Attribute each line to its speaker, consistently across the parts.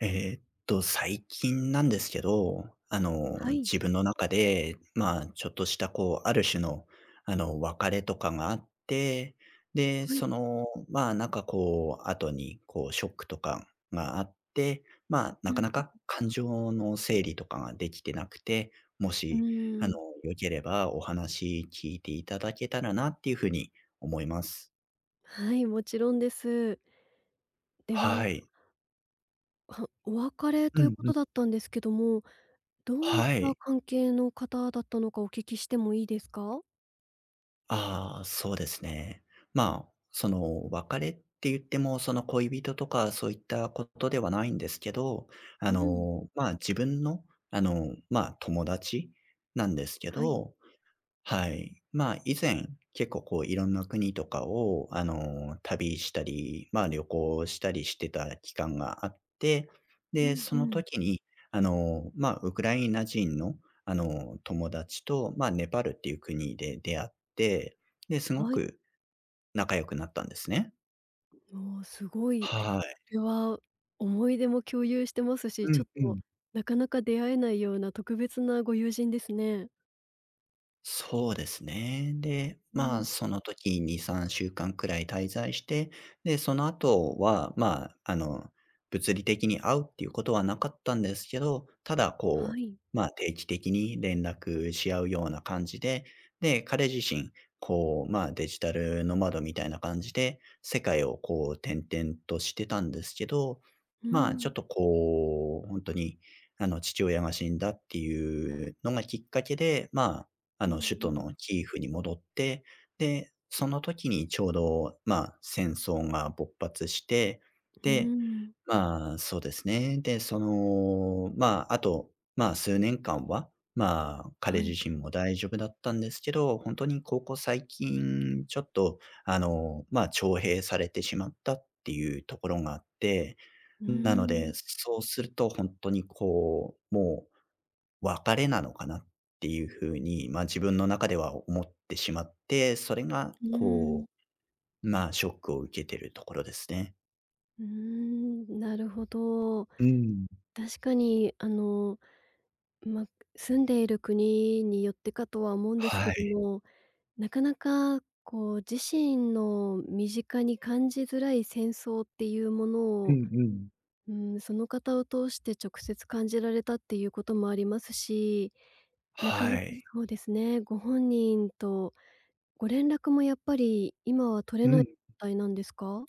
Speaker 1: えっと、最近なんですけど。あの、
Speaker 2: はい。
Speaker 1: 自分の中で、ま、ちょっとしたこうある種の、あの別れとかがあって。で、
Speaker 2: はい。
Speaker 1: その、まあ何かこう、後に、こうショックとかがあって、まあ
Speaker 2: う
Speaker 1: な
Speaker 2: ん
Speaker 1: か
Speaker 2: う
Speaker 1: なか、
Speaker 2: う。
Speaker 1: 感情の整理とかができてなくて、も
Speaker 2: う
Speaker 1: し、あ
Speaker 2: ー
Speaker 1: の
Speaker 2: ん。
Speaker 1: よければ、お話聞いていただけたらなっていう風に思います。
Speaker 2: はい、もちろんです。でわん
Speaker 1: はい。
Speaker 2: ほお別れと
Speaker 1: う
Speaker 2: いう
Speaker 1: ん
Speaker 2: こ
Speaker 1: う
Speaker 2: と
Speaker 1: ん。
Speaker 2: だったんですけども、どういっ
Speaker 1: は
Speaker 2: た
Speaker 1: い。
Speaker 2: 関係の方だったのかお聞きしてもいいですか？
Speaker 1: ああ、そうですね。まあ、その、別れって言っても、その恋人とか、そういったことではないんですけど。あ
Speaker 2: うん。
Speaker 1: の、ま、自分の、あの、ま、友達なんですけ
Speaker 2: はい。
Speaker 1: ど。はい。まあ、以前、結構こういろんな国とかをあの、旅したり、ま、旅行したりしてた期間があって。
Speaker 2: う
Speaker 1: で、
Speaker 2: ん
Speaker 1: そ
Speaker 2: う
Speaker 1: の
Speaker 2: ん。
Speaker 1: 時に、あの、ま、ウクライナ人のあの友達と、ま、ネパールっていう国で出会って、で、すご
Speaker 2: はい。
Speaker 1: く仲良くなったんですね。
Speaker 2: もう、すごい。
Speaker 1: はい。
Speaker 2: それは思い出も共有してますし、
Speaker 1: う
Speaker 2: ち
Speaker 1: ん
Speaker 2: ょっ
Speaker 1: う
Speaker 2: と、
Speaker 1: ん。
Speaker 2: なかなか出会えないような特別なご友人ですね。
Speaker 1: そうですね。で、
Speaker 2: う
Speaker 1: まあ、
Speaker 2: ん。
Speaker 1: その時2、3週間くらい滞在して、で、その後は、まあ、あの、物理的に会うっていうことはなかったんですけど、ただ
Speaker 2: は
Speaker 1: こ
Speaker 2: い。
Speaker 1: う、ま、定期的に連絡し合うような感じでで、彼自身、こう、ま、デジタルノマドみたいみたいな感じで、世界をこう転々としてたんですけど、
Speaker 2: うー
Speaker 1: まあ、ち
Speaker 2: ん。
Speaker 1: ょっとこう、ほんとに、あの父親が死んだっていうのがきっかけで、ま、あ
Speaker 2: う
Speaker 1: の、
Speaker 2: ん
Speaker 1: 首
Speaker 2: う
Speaker 1: 都
Speaker 2: ん。
Speaker 1: のキーフに戻って、で、その時にちょうど、ま、戦争が勃発して、
Speaker 2: うー
Speaker 1: で、
Speaker 2: ん。
Speaker 1: まあ、そうですね。で、その、まあ、あと、まあ、数年間は、まあ、彼
Speaker 2: は
Speaker 1: 自
Speaker 2: い。
Speaker 1: 身も大丈夫だったんですけど、ほんとにここ最近、ちょっと、あの、まあ、徴兵されてしまったっていうところがあって、
Speaker 2: うー
Speaker 1: なの
Speaker 2: ん。
Speaker 1: で、そうするとほんとにこう、もう別れなのかなっていう風に、ま、自分の中では思ってしまって、それが
Speaker 2: うん。
Speaker 1: こう、まあ、ショックを受けてるところですね。
Speaker 2: うーん、なるほど。
Speaker 1: うん。
Speaker 2: 確かにあの、ま、く住んでいる国によってかとは思うんですけ
Speaker 1: は
Speaker 2: ど
Speaker 1: い。
Speaker 2: も、なかなかこう自身の身近に感じづらい戦争っていうもの
Speaker 1: う
Speaker 2: を
Speaker 1: んうん。
Speaker 2: うーん、その方を通して直接感じられたっていうこともありますし、なかな
Speaker 1: は
Speaker 2: か
Speaker 1: い。
Speaker 2: そうですね、ご本人とご連絡もやっぱり今は取れ
Speaker 1: うん、
Speaker 2: な
Speaker 1: う
Speaker 2: い
Speaker 1: ん。
Speaker 2: たいなんですか？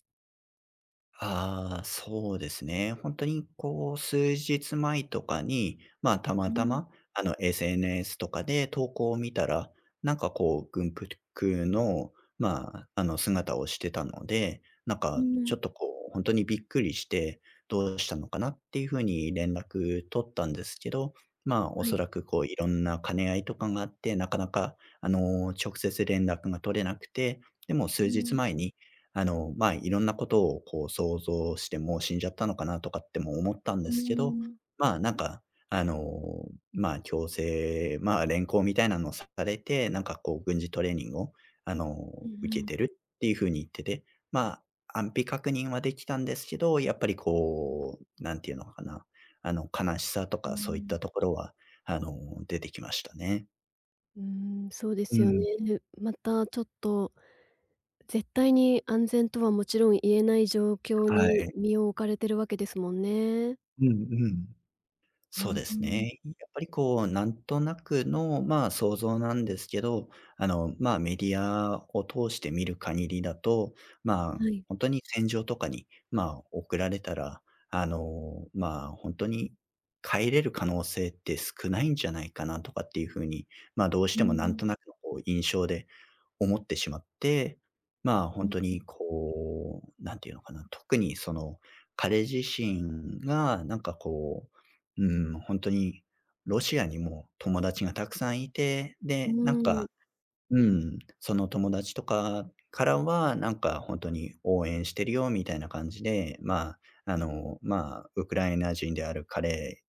Speaker 1: ああ、そうですね。ほんとにこう、数日前とかに、ま、た
Speaker 2: う
Speaker 1: また
Speaker 2: ん。
Speaker 1: ま、あの、SNS とかで投稿を見たら、何かこう軍ぷとぅくの、まあ、あの、姿をしてたので、何
Speaker 2: う
Speaker 1: かちょ
Speaker 2: ん。
Speaker 1: っとこう、ほんとにびっくりして、どうしたのかな、っていうふうに連絡取ったんですけど、まあ、
Speaker 2: はい。
Speaker 1: 恐らくこういろんな兼ね合いとかがあって、なかなかあの、直接連絡が取れなくて、でも数
Speaker 2: う
Speaker 1: 日
Speaker 2: ん。
Speaker 1: 前に、あの、まあ、いろんなことをこう想像して「もう死んじゃったのかな」とかっても思ったんで
Speaker 2: うー
Speaker 1: すけど、
Speaker 2: ん。
Speaker 1: まあ、何か、あの、まあ、強制まあ、連行みたいなのをされて、何かこう軍事トレーニングを、あの、
Speaker 2: うん
Speaker 1: 受け
Speaker 2: うん。
Speaker 1: てるっていうふうに言ってて、まあ、安否確認はできたんですけど、やっぱりこう、なんていうのかな、あの、悲しさと
Speaker 2: うー
Speaker 1: かそういっ
Speaker 2: ん。
Speaker 1: たところは、あの、出てきましたね。
Speaker 2: うん、そうで
Speaker 1: う
Speaker 2: すよ
Speaker 1: ん。
Speaker 2: ね。またちょっと絶対に安全とはもちろん言えない状況
Speaker 1: は
Speaker 2: に
Speaker 1: い。
Speaker 2: 身を置かれてるわけですもんね。
Speaker 1: うんうん。
Speaker 2: う
Speaker 1: そ
Speaker 2: ん
Speaker 1: うで
Speaker 2: うー
Speaker 1: す
Speaker 2: ん。
Speaker 1: ね。いやっぱりこう何となくの、ま、想像なんですけど、あの、ま、メディアを通して見る限りだと、ま、
Speaker 2: はい。
Speaker 1: ほんとに戦場とかに、ま、送られたら、あの、ま、ほんとに帰れる可能性って少ないんじゃないかなとかっていう風に、ま、どうし
Speaker 2: うん
Speaker 1: ても
Speaker 2: う
Speaker 1: 何
Speaker 2: ん。
Speaker 1: となくのこう、印象で思ってしまっ
Speaker 2: うん。
Speaker 1: て、ま、ほ
Speaker 2: う
Speaker 1: ん
Speaker 2: ん
Speaker 1: と
Speaker 2: うん。
Speaker 1: にこう、なんていうのかな、特にその、彼自身がなんかこう、うん、ほんとにロシアにも友達がたくさんいて、
Speaker 2: う
Speaker 1: で、なん
Speaker 2: ん。
Speaker 1: か、うん、その友達とかからは、なんかほんとに応援してるよみたいな感じで、ま、あの、ま、ウクライナ人である彼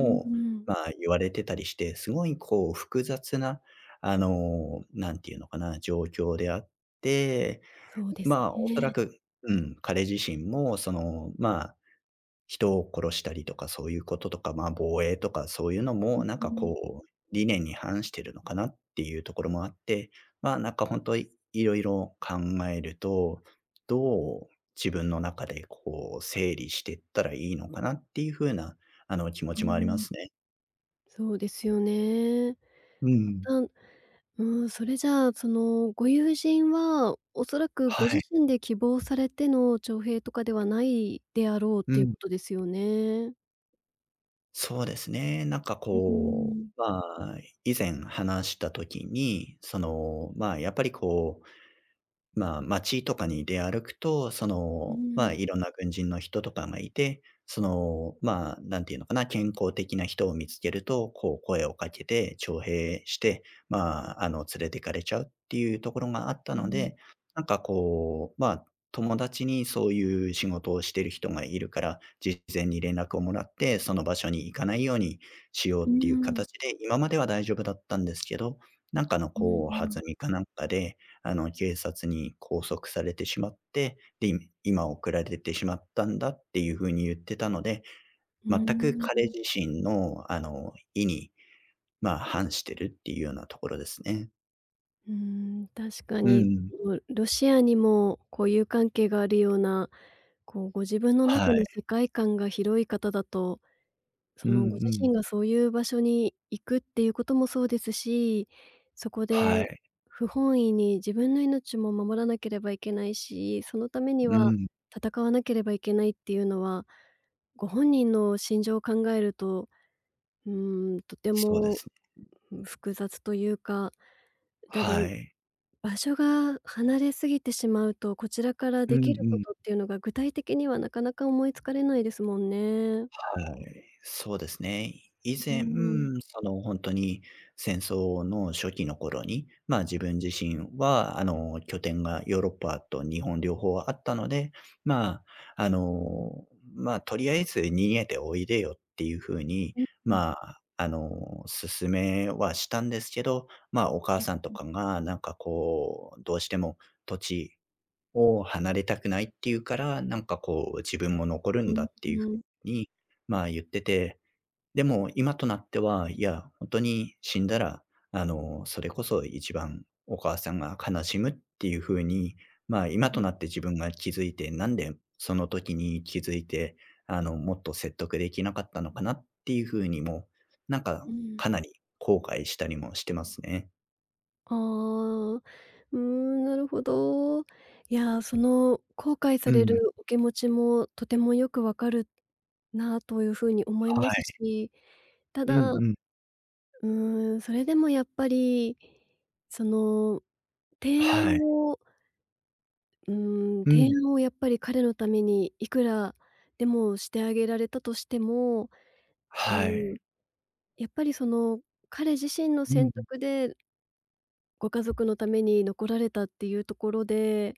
Speaker 2: うんうん。
Speaker 1: ま、言われてたりして、すごいこう複雑な、あの、なんていうのかな、状況であって、
Speaker 2: そうです
Speaker 1: ま、恐ら
Speaker 2: ね。
Speaker 1: くうん、彼自身も、その、ま、人を殺したりとか、そういうこととか、ま、防衛とかそういうの
Speaker 2: う
Speaker 1: も、何
Speaker 2: う
Speaker 1: か
Speaker 2: ん。
Speaker 1: こう、理念に反してるのかな、っていうところもあって、ま、何かほんと、い色々考えると、どう自分の中で、こう整理してったらいいのかなっていう風な、あの、気持
Speaker 2: う
Speaker 1: ちもありま
Speaker 2: ん。
Speaker 1: すね。
Speaker 2: そうですよね。
Speaker 1: うんう
Speaker 2: ぱ
Speaker 1: ん。
Speaker 2: たんうーん、それじゃあ、その、ご友人はおそらく、
Speaker 1: は
Speaker 2: ご自
Speaker 1: い。
Speaker 2: 身で希望されての徴兵とかではないであろうっ
Speaker 1: う
Speaker 2: ていう
Speaker 1: ん。
Speaker 2: ことですよね？
Speaker 1: そうですね。何か
Speaker 2: ううー
Speaker 1: こ
Speaker 2: ん。
Speaker 1: う、まあ、以前話した時に、その、まあ、やっぱりこう、まあ、街とかに出歩くと、そ
Speaker 2: う
Speaker 1: の、ま、
Speaker 2: ん。
Speaker 1: いろんな軍人の人とかがいて。その、まあ、何ていうのかな、健康的な人を見つけると、こう声をかけて徴兵して、まあ、あの、連れてかれちゃうっていうところがあった
Speaker 2: う
Speaker 1: の
Speaker 2: ん。
Speaker 1: で、何かこう、まあ、友達にそういう、仕事をしてる人がいるから、事前に連絡をもらって、その場所に行かないようにしよう
Speaker 2: うー
Speaker 1: っていう
Speaker 2: ん。
Speaker 1: 形で、今までは大丈夫だったんですけど。なんかの、
Speaker 2: うん
Speaker 1: こ
Speaker 2: う
Speaker 1: う弾
Speaker 2: ん。
Speaker 1: みかなんかで、あの、警察に拘束されてしまって。で、み今送られてしまったんだっていう風に言ってたので。
Speaker 2: うー
Speaker 1: 全く
Speaker 2: ん、
Speaker 1: 彼
Speaker 2: うん。
Speaker 1: 自身の、あの、意に、まあ、反してるっていうようなところですね。
Speaker 2: うーん、確か
Speaker 1: うん
Speaker 2: に
Speaker 1: うん。
Speaker 2: うロシアにも交友関係があるような、こう、ご自分の
Speaker 1: は
Speaker 2: 中の
Speaker 1: い。
Speaker 2: 世界観が広い方だと、
Speaker 1: う
Speaker 2: そ
Speaker 1: んう
Speaker 2: のご自
Speaker 1: ん。
Speaker 2: 身がそういう場所に行くっていうこともそうですし、そこで
Speaker 1: はい。
Speaker 2: 不本意に自分の命も守らなければいけないし、そのために
Speaker 1: う
Speaker 2: は
Speaker 1: ん。
Speaker 2: 戦わなければいけないっていうのは、ご本人の心情を考えると、うーん、とて
Speaker 1: そうで
Speaker 2: も、
Speaker 1: すね。
Speaker 2: うん、複雑というか、ただ、
Speaker 1: はい。
Speaker 2: 場所が離れすぎてしまうと、こちらから
Speaker 1: う
Speaker 2: で
Speaker 1: んう
Speaker 2: きるこ
Speaker 1: ん。
Speaker 2: とっていうのが、具体的にはなかなか思いつかれないですもんね。
Speaker 1: はい。そうですね。い以
Speaker 2: うう
Speaker 1: 前、
Speaker 2: ーん。
Speaker 1: その、ほんとに戦争の初期の頃に、ま、自分自身は、あの、拠点がヨーロッパと日本両方あったので、まあ、あの、まあ、とりあえず逃げておいでよっていう風に、
Speaker 2: うんうん。
Speaker 1: まあ、あの、勧めはしたんですけど。ま、お母
Speaker 2: うん
Speaker 1: さんと
Speaker 2: うん。
Speaker 1: かが、なんかこう、どうしても土地を離れたくないって言うから、なんかこう自分も残るん
Speaker 2: う
Speaker 1: だ
Speaker 2: ん、
Speaker 1: っていう
Speaker 2: う
Speaker 1: 風
Speaker 2: ん。
Speaker 1: に、まあ、言ってて。でも今となっては、いや、ほんとに死んだら、あの、それこそ一番、お母さんが悲しむっていう風に、まあ、今
Speaker 2: う
Speaker 1: と
Speaker 2: ん。
Speaker 1: なって自分が気づいて、なんで、その時に気づいて、あの、もっと説得できなかったのかなっていう風にも、なんか、
Speaker 2: うん。
Speaker 1: かなり、後悔したりもしてますね。
Speaker 2: ああ、うーん、なるほど。いや、その後悔さ
Speaker 1: う
Speaker 2: れ
Speaker 1: ん。
Speaker 2: るお気持ちもとてもよく分かるなというふうに思い
Speaker 1: は
Speaker 2: ます
Speaker 1: い。
Speaker 2: し、た
Speaker 1: うん
Speaker 2: だう
Speaker 1: うん。
Speaker 2: ーん、それでもやっぱりその提案
Speaker 1: はい。
Speaker 2: をうーん、
Speaker 1: う
Speaker 2: 提
Speaker 1: ん。
Speaker 2: 案をやっぱり彼のためにいくらでもしてあげられたとしても。う
Speaker 1: はい。
Speaker 2: ん。やっぱりその彼自身の
Speaker 1: うん
Speaker 2: 選
Speaker 1: うん。
Speaker 2: 択でご家族のために残られたっていうところで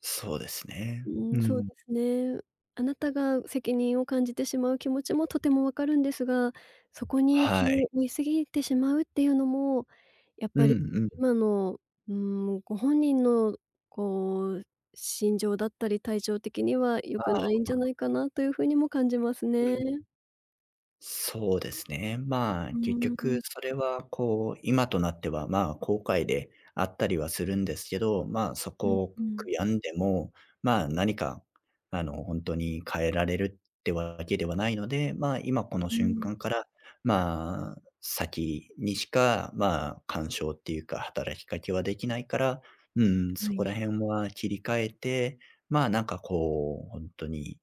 Speaker 1: そうです
Speaker 2: う
Speaker 1: ね。う
Speaker 2: ーん、そう
Speaker 1: ん。
Speaker 2: ですね。あなたが責任を感じてしまう気持ちもとても分かるんですが、そこに
Speaker 1: は
Speaker 2: 気
Speaker 1: い。
Speaker 2: を負い過ぎてしまうっていうのも、やっ
Speaker 1: う
Speaker 2: ぱり
Speaker 1: んうん。
Speaker 2: 今のうーん、ご本人のこう心情だったり、体調的には良
Speaker 1: あ
Speaker 2: くな
Speaker 1: あ、
Speaker 2: いんじ
Speaker 1: あ。
Speaker 2: ゃないかなという風にも感じます
Speaker 1: う
Speaker 2: ね。
Speaker 1: ん。そうですね。ま、
Speaker 2: う
Speaker 1: 結
Speaker 2: ー
Speaker 1: 局、
Speaker 2: ん。
Speaker 1: それはこう、今となっては、ま、後悔であったりはするんですけど、ま、そ
Speaker 2: うん
Speaker 1: こを
Speaker 2: う
Speaker 1: 悔
Speaker 2: ん。
Speaker 1: やんでも、ま、何か、あのほんとに変えられるってわけではないので、ま、今この
Speaker 2: う
Speaker 1: 瞬
Speaker 2: ん。
Speaker 1: 間からま、先にしか、ま、干渉っていうか、働きかけはできないからうん、
Speaker 2: は
Speaker 1: そ
Speaker 2: い。
Speaker 1: こら辺は切り替えて、ま、なんかこう、ほんとに、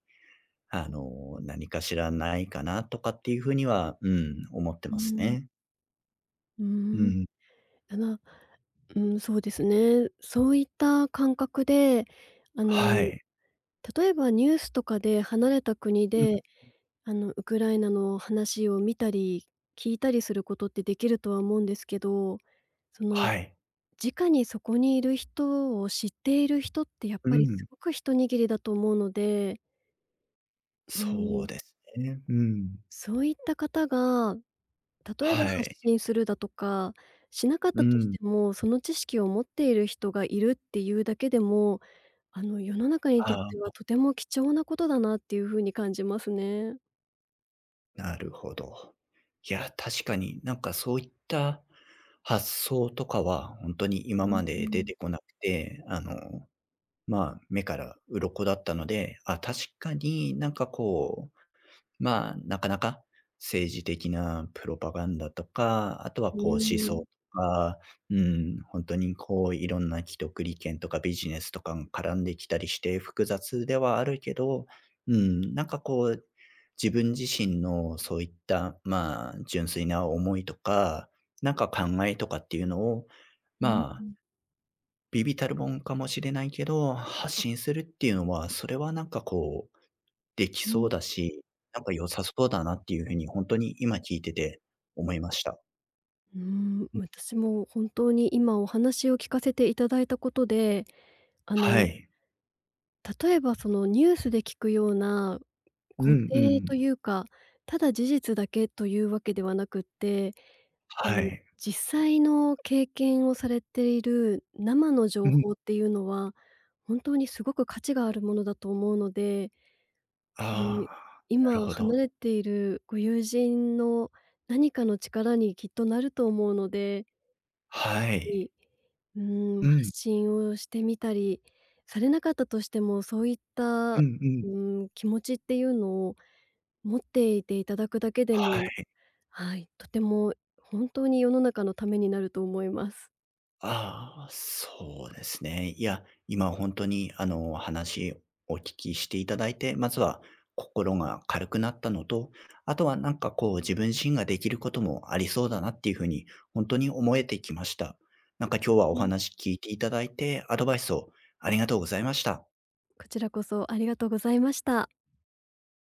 Speaker 1: あの、何かしらないかなとかっていう風にはうーん、思って
Speaker 2: う
Speaker 1: ます
Speaker 2: ん。
Speaker 1: ね。
Speaker 2: うー
Speaker 1: う
Speaker 2: ん。
Speaker 1: ん。
Speaker 2: あの、うん、そうですね。そういった感覚で、あの、
Speaker 1: はい。
Speaker 2: 例えばニュースとかで離れた国
Speaker 1: うん、
Speaker 2: で、
Speaker 1: う。
Speaker 2: あの、ウクライナの話を見たり、聞いたりすることってできるとは思うんですけど、その
Speaker 1: はい。
Speaker 2: 直にそこにいる人を知っている人って、やっ
Speaker 1: う
Speaker 2: ぱりす
Speaker 1: ん。
Speaker 2: ごく一握りだと思うので。うー
Speaker 1: そう
Speaker 2: ん。
Speaker 1: ですね。うん。
Speaker 2: そういった方が、例えば、
Speaker 1: は
Speaker 2: 発
Speaker 1: い。
Speaker 2: 信するだとか、しなかっ
Speaker 1: う
Speaker 2: たとし
Speaker 1: ん。
Speaker 2: ても、その知識を持っている人がいるっていうだけでも、あの、世の中に
Speaker 1: あ
Speaker 2: とっ
Speaker 1: あ、
Speaker 2: ては、
Speaker 1: あ。
Speaker 2: とても貴重なことだなっていう風に感じますね。
Speaker 1: なるほど。いや、確かに、何かそういった、発想とかは、ほんとに
Speaker 2: う
Speaker 1: 今
Speaker 2: ん
Speaker 1: ま
Speaker 2: う
Speaker 1: で出
Speaker 2: ん。
Speaker 1: てこなくて、あの、まあ、目から鱗だったので、あ、確かに、何かこう、まあ、なかなか、政治的なプロパガンダとか、後は
Speaker 2: う
Speaker 1: こう、思想
Speaker 2: ー
Speaker 1: と
Speaker 2: ん。
Speaker 1: か、うーん、ほんとにこう、色んな既得利権とかビジネスとかん絡んできたりして、複雑ではあるけど、うーん、何かこう、自分自身のそういった、まあ、純粋な思いとか、なんか考えとかっていうのを、
Speaker 2: うんう
Speaker 1: まあ
Speaker 2: ん。
Speaker 1: 微々たるもんかもしれないけど、発信するっていうのは、それはなんかこう、出来
Speaker 2: う
Speaker 1: そ
Speaker 2: ん。
Speaker 1: うだし、なんか良さそうだなっていう風に、ほんとに今聞いてて思いました。
Speaker 2: うーん、
Speaker 1: うん。
Speaker 2: 私も本当に今お話を聞かせていただいたことで、あ
Speaker 1: は
Speaker 2: の
Speaker 1: い。
Speaker 2: 例えばその、ニュースで聞くような
Speaker 1: う
Speaker 2: 固
Speaker 1: んう
Speaker 2: 定と
Speaker 1: ん。
Speaker 2: いうか、ただ事実だけという訳ではなくって、こ
Speaker 1: は
Speaker 2: う、
Speaker 1: い。
Speaker 2: 実際の経験をされている生の情
Speaker 1: うん。
Speaker 2: 報っていうのは、本当に凄く価値があるものだと思うので
Speaker 1: あ
Speaker 2: ん、
Speaker 1: あ、なる
Speaker 2: 今
Speaker 1: ほ
Speaker 2: 離
Speaker 1: ど。
Speaker 2: れているご友人の何かの力にきっとなると思うので
Speaker 1: はい。
Speaker 2: にん、
Speaker 1: う
Speaker 2: 発
Speaker 1: ん。
Speaker 2: 信をしてみたりされなかったとしても、そういった
Speaker 1: うんうん。
Speaker 2: ん、気持ちっていうのを持っていていただくだけで
Speaker 1: は
Speaker 2: も
Speaker 1: い。
Speaker 2: はい、とても本当に世の中のためになると思います。
Speaker 1: ああ、そうですね。いや、今ほんとに、あの、話お聞きしていただいて、まずは、心が軽くなったのと、あとはなんかこう、自分身ができることもありそうだなっていう風に、ほんとに思えてきました。なんか、今日はお
Speaker 2: うん。
Speaker 1: 話聞いていただいて、アドバイスをありがとうございました。
Speaker 2: こちらこそありがとうございました。